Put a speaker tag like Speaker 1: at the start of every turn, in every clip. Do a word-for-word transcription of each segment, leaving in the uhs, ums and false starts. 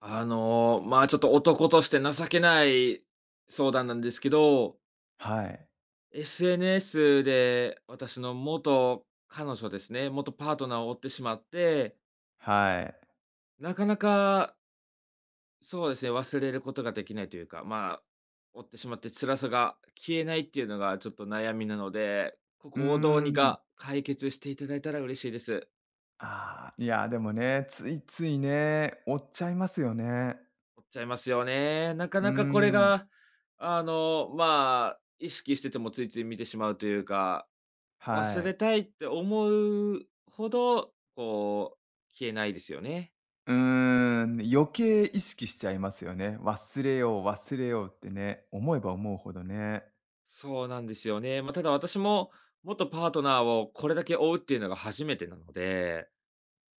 Speaker 1: あのまあ、ちょっと男として情けない相談なんですけど。
Speaker 2: はい。
Speaker 1: SNS で、私の元彼女ですね、元パートナーを追ってしまって
Speaker 2: はい。
Speaker 1: なかなかそうですね、忘れることができないというか、まあ追ってしまって、辛さが消えないっていうのがちょっと悩みなので、こ
Speaker 2: うー
Speaker 1: こをどうに
Speaker 2: ん。
Speaker 1: か解決していただいたら嬉しいです。
Speaker 2: ああ、いや、でもね、ついついね、追っちゃいますよね。
Speaker 1: 追っちゃいますよね。なか
Speaker 2: うー
Speaker 1: なかこれ
Speaker 2: ん。
Speaker 1: があのまあ、意識しててもついつい見てしまうというか、忘
Speaker 2: はい。
Speaker 1: れたいって思うほど、こう、消えないですよね。
Speaker 2: うーん、余計意識しちゃいますよね。忘れよう、忘れようってね、思えば思うほどね。
Speaker 1: そうなんですよね。まあただ私も、元パートナーをこれだけ追うっていうのが初めてなので、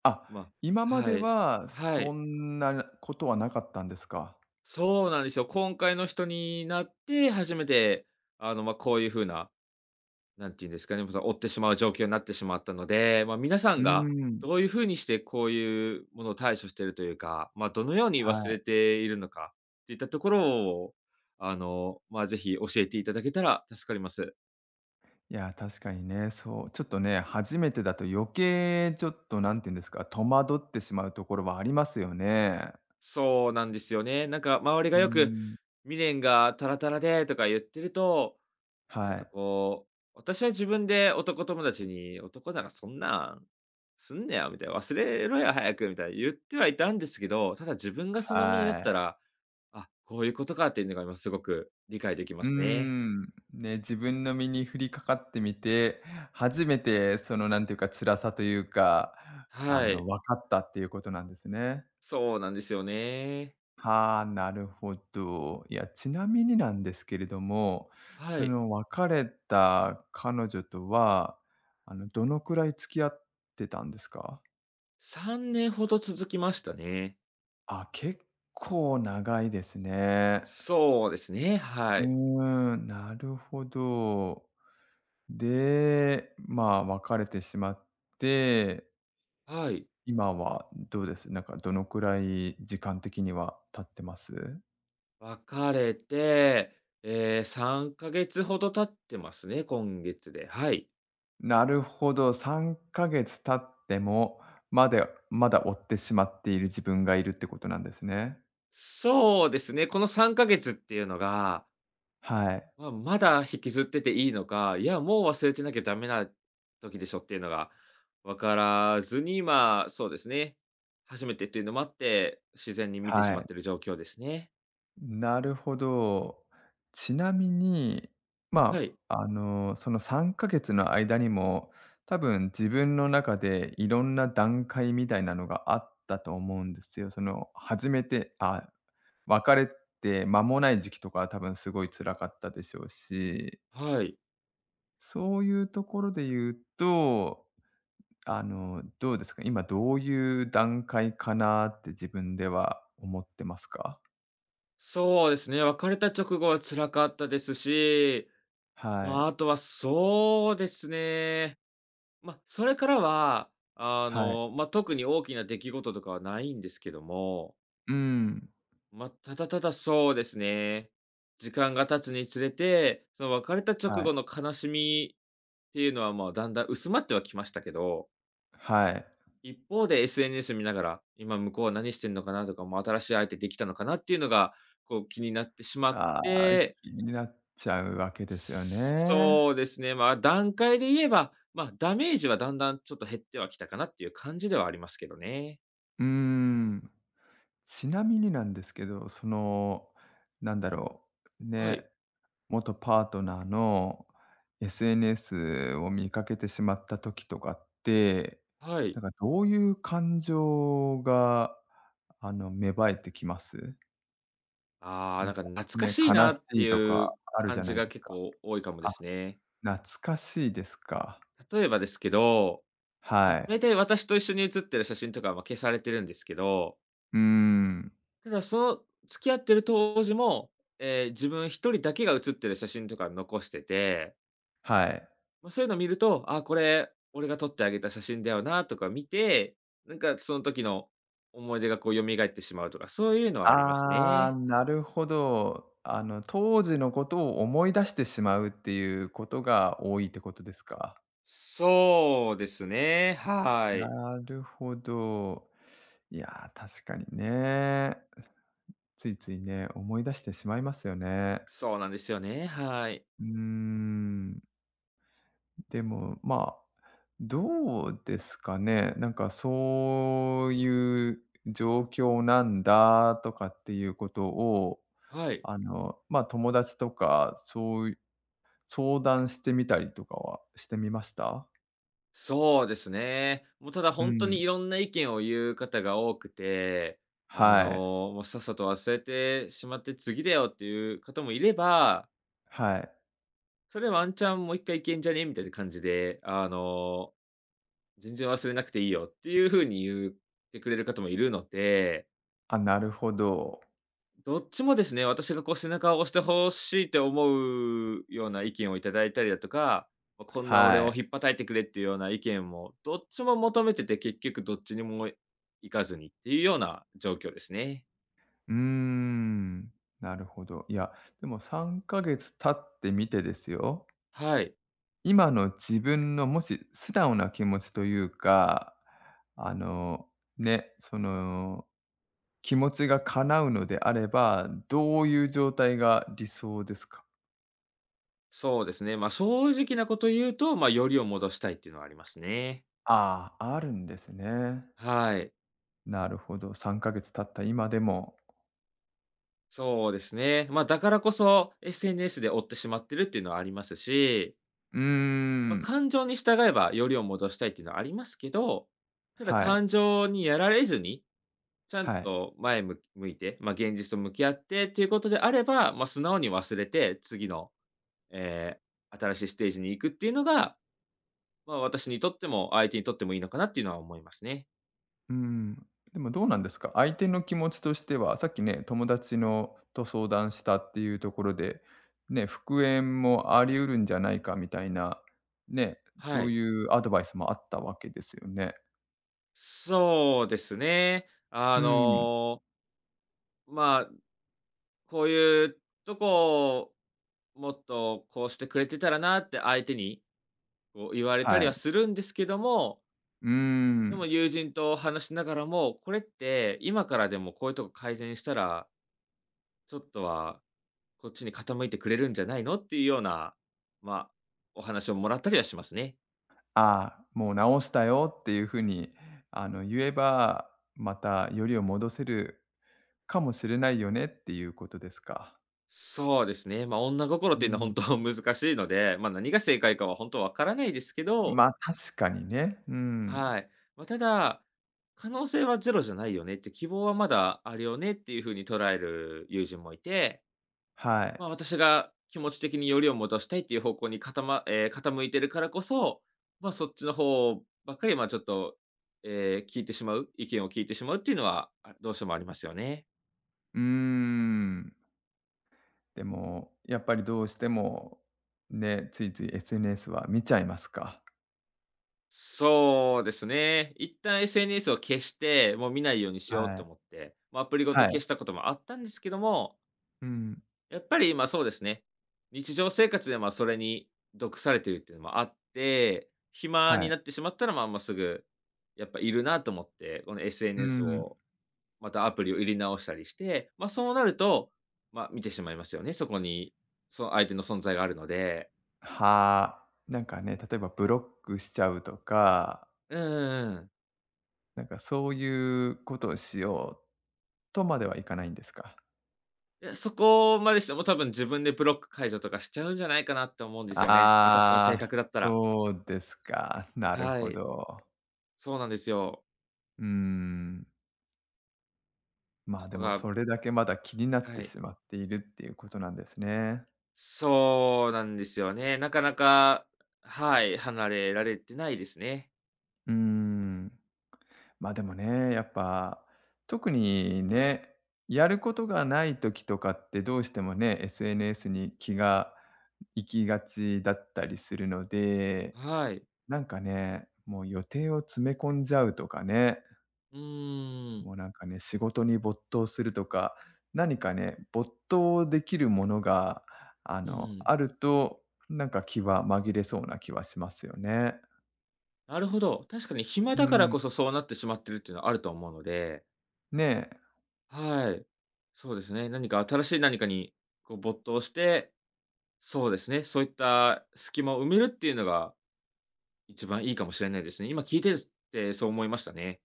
Speaker 2: あ、
Speaker 1: ま
Speaker 2: 今まで
Speaker 1: はい、
Speaker 2: は
Speaker 1: は
Speaker 2: そ
Speaker 1: い。
Speaker 2: んなことはなかったんですか？
Speaker 1: そうなんですよ。今回の人になって初めて、あのま、こういうふうな、なんて言うんですかね、ぶざ追ってしまう状況になってしまったので、まあ皆さん
Speaker 2: うー
Speaker 1: が、
Speaker 2: ん。
Speaker 1: どういうふうにしてこういうものを対処してるというか、まあどのように
Speaker 2: は
Speaker 1: 忘れ
Speaker 2: い。
Speaker 1: ているのか、っていったところを、あのまあ、ぜひ教えていただけたら助かります。
Speaker 2: いや、確かにね、そう、ちょっとね、初めてだと余計ちょっとなんて言うんですか、戸惑ってしまうところはありますよね。
Speaker 1: そうなんですよね。なんか周りが
Speaker 2: うー
Speaker 1: よく、
Speaker 2: ん。
Speaker 1: 「未練がたらたらで」とか言ってると、なん
Speaker 2: は
Speaker 1: か
Speaker 2: い。
Speaker 1: こう、私は自分で男友達に、「男ならそんなん、すんなよ」みたいな、「忘れろよ早く」みたいな言ってはいたんですけど、ただ自分がその身にな
Speaker 2: は
Speaker 1: った
Speaker 2: い。
Speaker 1: ら、あ、こういうことかっていうのが、今すごく理解できま
Speaker 2: うー
Speaker 1: すね。
Speaker 2: ん、ね、自分の身に降りかかってみて、初めてそのなんていうか、辛さというか、あ
Speaker 1: は
Speaker 2: の
Speaker 1: い。
Speaker 2: わかったっていうことなんですね。
Speaker 1: そうなんですよね。
Speaker 2: はあ、なるほど。いや、ちなみになんですけれども、
Speaker 1: は
Speaker 2: そ
Speaker 1: い。
Speaker 2: の別れた彼女とは、あのどのくらい付き合ってたんですか？
Speaker 1: さんねんほど続きましたね。
Speaker 2: あ、結構長いですね。
Speaker 1: そうですね、は
Speaker 2: う
Speaker 1: い。
Speaker 2: ーん、なるほど。で、まあ、別れてしまって
Speaker 1: はい。
Speaker 2: 今はどうです？なんかどの位、時間的には経ってます？
Speaker 1: 別れて、ええ、さんかげつほど経ってますね、今月で、はい。
Speaker 2: なるほど、さんかげつ経っても、までまだ追ってしまっている自分がいるってことなんですね。
Speaker 1: そうですね、このさんかげつっていうのが
Speaker 2: はい。
Speaker 1: まあまだ引きずってていいのか、いやもう忘れてなきゃだめな時でしょっていうのがわからずに、まあそうですね、初めてっていうのもあって、自然に見てし
Speaker 2: は
Speaker 1: まっ
Speaker 2: い。
Speaker 1: てる状況ですね。
Speaker 2: なるほど。ちなみに、
Speaker 1: は
Speaker 2: ま
Speaker 1: い。
Speaker 2: あ、あの、そのさんかげつの間にも、多分自分の中でいろんな段階みたいなのがあったと思うんですよ。その、初めて、あ、別れて間もない時期とかは多分すごい辛かったでしょうし。
Speaker 1: はい。
Speaker 2: そういうところで言うと、あの、どうですかね、今どういう段階かなって自分では思ってますか？
Speaker 1: そうですね、別れた直後は辛かったですし。
Speaker 2: はい。
Speaker 1: まあ、あとはそうですね。ま、それからは、あ
Speaker 2: はい。
Speaker 1: の、ま、特に大きな出来事とかはないんですけども。
Speaker 2: うん。
Speaker 1: ま、ただただそうですね、時間が経つにつれて、その別れた直
Speaker 2: はい。
Speaker 1: 後の悲しみっていうのは、まあ、だんだん薄まってはきましたけど。
Speaker 2: はい。
Speaker 1: 一方で SNS 見ながら、今向こうは何してんのかなとか、もう新しい相手できたのかなっていうのが、こう気になってしまっ
Speaker 2: ああ、
Speaker 1: て。
Speaker 2: 気になっちゃうわけですよね。
Speaker 1: そうですね、まあ、段階で言えば、まあ、ダメージはだんだんちょっと減ってはきたかなっていう感じではありますけどね。
Speaker 2: うーん、ちなみになんですけど、その、なんだろう、
Speaker 1: は
Speaker 2: ね、
Speaker 1: い。
Speaker 2: 元パートナーの SNS を見かけてしまった時とかって、
Speaker 1: は
Speaker 2: なん
Speaker 1: い。
Speaker 2: かどういう感情があの、芽生えてきます？
Speaker 1: ああ、
Speaker 2: な
Speaker 1: な
Speaker 2: ん
Speaker 1: んか懐かしい
Speaker 2: か、ね、悲
Speaker 1: なって
Speaker 2: しいとか
Speaker 1: いう
Speaker 2: あるじ
Speaker 1: 感
Speaker 2: ゃ
Speaker 1: じ
Speaker 2: ない
Speaker 1: が
Speaker 2: です
Speaker 1: 結
Speaker 2: か。
Speaker 1: 構多いかもで
Speaker 2: あ、
Speaker 1: すね。
Speaker 2: 懐かしいですか。
Speaker 1: 例えばですけど、ま、
Speaker 2: はい。
Speaker 1: 大体私と一緒に写ってる写真とかは、ま、消されてるんですけど。
Speaker 2: うーん。
Speaker 1: ただその、付き合ってる当時も、ええ、自分一人だけが写ってる写真とか残してて
Speaker 2: はい。
Speaker 1: ま、そういうの見ると、「ああこれ、俺が撮ってあげた写真だよな」とか見て、なんかそん時の思い出がこう蘇ってしまうとか、そういうのはあります
Speaker 2: ああ、
Speaker 1: ね。
Speaker 2: なるほど。あの、当時のことを思い出してしまうっていうことが多いってことですか？
Speaker 1: そうですね、はい。
Speaker 2: なるほど。いや、確かにね。ついついね、思い出してしまいますよね。
Speaker 1: そうなんですよね、はい。
Speaker 2: うーん。でも、まあ、どうですかね、なんかそういう状況なんだとかっていうことを、
Speaker 1: はい。
Speaker 2: あの、ま、友達とか、そう相談してみたりとかはしてみました？
Speaker 1: そうですね。もうただ
Speaker 2: う
Speaker 1: ほんとに、
Speaker 2: ん。
Speaker 1: いろんな意見を言う方が多くて、あの、
Speaker 2: はい。
Speaker 1: もうさっさと忘れてしまって、次だよっていう方もいれば
Speaker 2: はい。
Speaker 1: 「それワンチャン、もういっかい行けんじゃね？」みたいな感じで、あの、「全然忘れなくていいよ」っていうふうに言ってくれる方もいるので。
Speaker 2: あ、なるほど。
Speaker 1: どっちもですね。私がこう背中を押してほしいって、思うような意見をいただいたりだとか。まあこんな俺
Speaker 2: は
Speaker 1: を
Speaker 2: い。
Speaker 1: 引っぱたいてくれっていうような意見も、どっちも求めてて、結局どっちにも行かずにっていうような、状況ですね。
Speaker 2: うーん、なるほど。いや、でもさんかげつ経ってみてですよ。
Speaker 1: はい。
Speaker 2: 今の自分のもし素直な気持ちというか、あの、ね、その、気持ちが叶うのであれば、どういう状態が理想ですか？
Speaker 1: そうですね、ま、正直なこと言うと、ま、よりを戻したいっていうのはありますね。
Speaker 2: ああ、あるんですね。
Speaker 1: はい。
Speaker 2: なるほど、さんかげつ経った今でも。
Speaker 1: そうですね。ま、だからこそ、SNS で追ってしまってるっていうのはありますし。
Speaker 2: うんうん
Speaker 1: ま、
Speaker 2: うん。
Speaker 1: 感情に従えば、よりを戻したいっていうのはありますけど、ただ
Speaker 2: はい。
Speaker 1: 感情にやられずに、ちゃん
Speaker 2: はい。
Speaker 1: と前向き向いて、まあ、現実と向き合ってっていうことであれば、まあ、素直に忘れて、次の、ええ、新しいステージに行くっていうのが、まあ、私にとっても、相手にとってもいいのかなっていうのは思いますね。
Speaker 2: うん、でもどうなんですか。相手の気持ちとしては、さっきね、友達のと相談したっていうところで、ね、復縁もあり得るんじゃないかみたいな、ね、
Speaker 1: は
Speaker 2: そう
Speaker 1: い。
Speaker 2: いうアドバイスもあったわけですよね。
Speaker 1: そうですね、あ
Speaker 2: うん。
Speaker 1: のまあ、こういうとこ、もっとこうしてくれてたらなって、相手に、こう言われた
Speaker 2: は
Speaker 1: りは
Speaker 2: い。
Speaker 1: するんですけども
Speaker 2: うー
Speaker 1: でも
Speaker 2: ん。
Speaker 1: 友人と話しながらも、これって今からでも、こういうとこ改善したらちょっとはこっちに傾いてくれるんじゃないの、っていうような、まあ、お話をもらったりはしますね。
Speaker 2: ああ、もう直したよっていう風にあの言えば、またよりを戻せるかもしれないよねっていうことですか。
Speaker 1: そうですね、ま、女心っ
Speaker 2: う
Speaker 1: てい
Speaker 2: ー
Speaker 1: うのはほん
Speaker 2: ん。
Speaker 1: と、難しいので、ま、何が正解かは、ほんと分からないですけど
Speaker 2: ま、確かにね、うん。
Speaker 1: はい。ま、ただ、可能性はゼロじゃないよねって、希望はまだあるよねっていう風に捉える友人もいて、
Speaker 2: はい。
Speaker 1: ま、私が気持ち的によりを戻したいっていう方向にかたまええ、傾いているからこそ、ま、そっちの方ばっかり、ま、ちょっと、ええ、聞いてしまう意見を聞いてしまうっていうのは、あ、どうしてもありますよね。
Speaker 2: うーん。でも、やっぱりどうしても、ね、ついつい SNS は見ちゃいますか。
Speaker 1: そうですね。一旦 SNS を消して、もう見ないようにしよう
Speaker 2: は
Speaker 1: と
Speaker 2: い。
Speaker 1: 思って、ま、アプリごと
Speaker 2: はい。
Speaker 1: 消したこともあったんですけども
Speaker 2: うん。
Speaker 1: やっぱり、ま、そうですね。日常生活で、ま、それに毒されているっていうのもあって、暇
Speaker 2: は
Speaker 1: に
Speaker 2: い。
Speaker 1: なってしまったら、まあ、もうすぐ、やっぱいるなと思って、この
Speaker 2: うん
Speaker 1: SNS
Speaker 2: うん。
Speaker 1: を、またアプリを入れ直したりして、ま、そうなると、ま、見てしまいますよね。そこに、その相手の存在があるので。
Speaker 2: はあ。なんかね、例えばブロックしちゃうとか
Speaker 1: うんうんうん。
Speaker 2: なんかそうゆうことをしよう、とまではいかないんですか？
Speaker 1: いや、そこまでしても多分自分でブロック解除とかしちゃうんじゃないかなって思うんですよね、私の性
Speaker 2: ああ、
Speaker 1: 格だったら。
Speaker 2: そうですか。なる
Speaker 1: は
Speaker 2: ほ
Speaker 1: い。
Speaker 2: ど。
Speaker 1: そうなんですよ。
Speaker 2: うーん。ま
Speaker 1: そ
Speaker 2: あ、
Speaker 1: こ
Speaker 2: でも
Speaker 1: が
Speaker 2: それだけまだ気になっ
Speaker 1: は
Speaker 2: て
Speaker 1: い。
Speaker 2: しまっているっていうことなんですね。
Speaker 1: そうなんですよね。なかなか、はい、離れられてないですね。
Speaker 2: うーん。まあ、でもね、やっぱ、特にね、やることがない時とかってどうしてもね、SNS に気が行きがちだったりするので、
Speaker 1: はい。
Speaker 2: なんかね、もう予定を詰め込んじゃうとかね。
Speaker 1: うん。
Speaker 2: もうなんかね、仕事に没頭するとか、何かね、没頭できるものがあ
Speaker 1: うんう
Speaker 2: の、
Speaker 1: ん。
Speaker 2: あると、なんか気は紛れそうな気はしますよね。
Speaker 1: なるほど。確かに暇
Speaker 2: う
Speaker 1: だから
Speaker 2: ん。
Speaker 1: こそ、そうなってしまってるっていうのはあると思うので
Speaker 2: ねえ。
Speaker 1: はい。そうですね。何か新しい何かにこう没頭して、そうですね、そういった隙間を埋めるっていうのが、一番いいかもしれないですね。今聞いてずてそう思いましたね。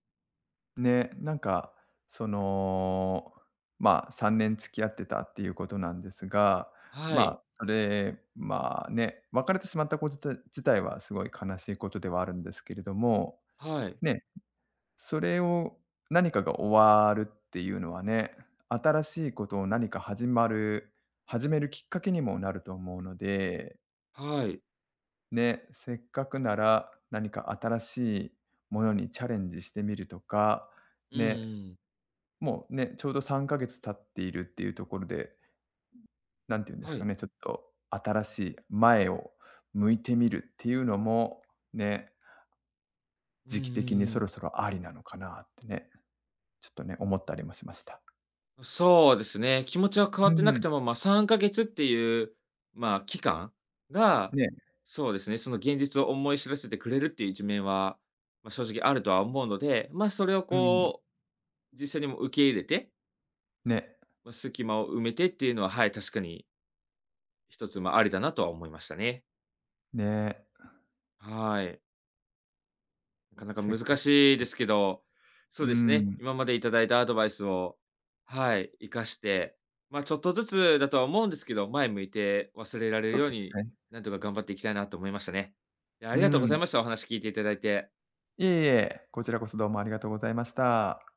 Speaker 2: ね、なんか、その、まあ、さんねん付き合ってたっていうことなんですが、
Speaker 1: は
Speaker 2: ま
Speaker 1: い。
Speaker 2: あ、それ、まあ、ね、別れてしまったこじた自体はすごい悲しいことではあるんですけれども、
Speaker 1: はい。
Speaker 2: ね、ん、それを何かが終わるっていうのはね、新しいことを何か始まる始めるきっかけにもなると思うので。
Speaker 1: はい。
Speaker 2: ね、せっかくなら、何か新しいものにチャレンジしてみるとか、
Speaker 1: うんうん
Speaker 2: ね、
Speaker 1: うん。
Speaker 2: もう、ね、ちょうどさんかげつ経っているっていうところで、うん、なんて言うんです
Speaker 1: は
Speaker 2: か
Speaker 1: い。
Speaker 2: ね、ちょっと新しい前を向いてみるっていうのも、ね。
Speaker 1: うんうん
Speaker 2: 時期的に
Speaker 1: う
Speaker 2: そ
Speaker 1: ん。
Speaker 2: ろそろありなのかなってね、ちょっとね、思ったりもしました。
Speaker 1: うそうですね。気持ちは変わ
Speaker 2: う
Speaker 1: ってなく
Speaker 2: ん。
Speaker 1: ても、まあさんかげつっていう、まあ期間が、
Speaker 2: ね。
Speaker 1: そうですね、その現実を思い知らせてくれるっていう一面は、まあ正直あるとは思うので、まあそれを
Speaker 2: うん。
Speaker 1: こう、実際にもう受け入れて
Speaker 2: ね。
Speaker 1: もう、隙間を埋めてっていうのは、はい、確かに一つ、ま、ありだなとは思いましたね。
Speaker 2: ね。
Speaker 1: はい。なかなか
Speaker 2: せっ
Speaker 1: 難
Speaker 2: かく
Speaker 1: しいで
Speaker 2: [unintelligible]
Speaker 1: すけど、そう
Speaker 2: うー
Speaker 1: ですね、
Speaker 2: ん。
Speaker 1: 今までいただいたアドバイスを、はい、活かして、まあちょっとずつだとは思うんですけど、前向いて忘れられる
Speaker 2: そう
Speaker 1: よ
Speaker 2: で
Speaker 1: う
Speaker 2: す
Speaker 1: に、
Speaker 2: ね。
Speaker 1: なんとか頑張っていきたいなと思いましたね。いや、あ
Speaker 2: うー
Speaker 1: りがとうござい
Speaker 2: ん。
Speaker 1: ました、お話聞いていただいて。
Speaker 2: いえいえ、こちらこそどうもありがとうございました。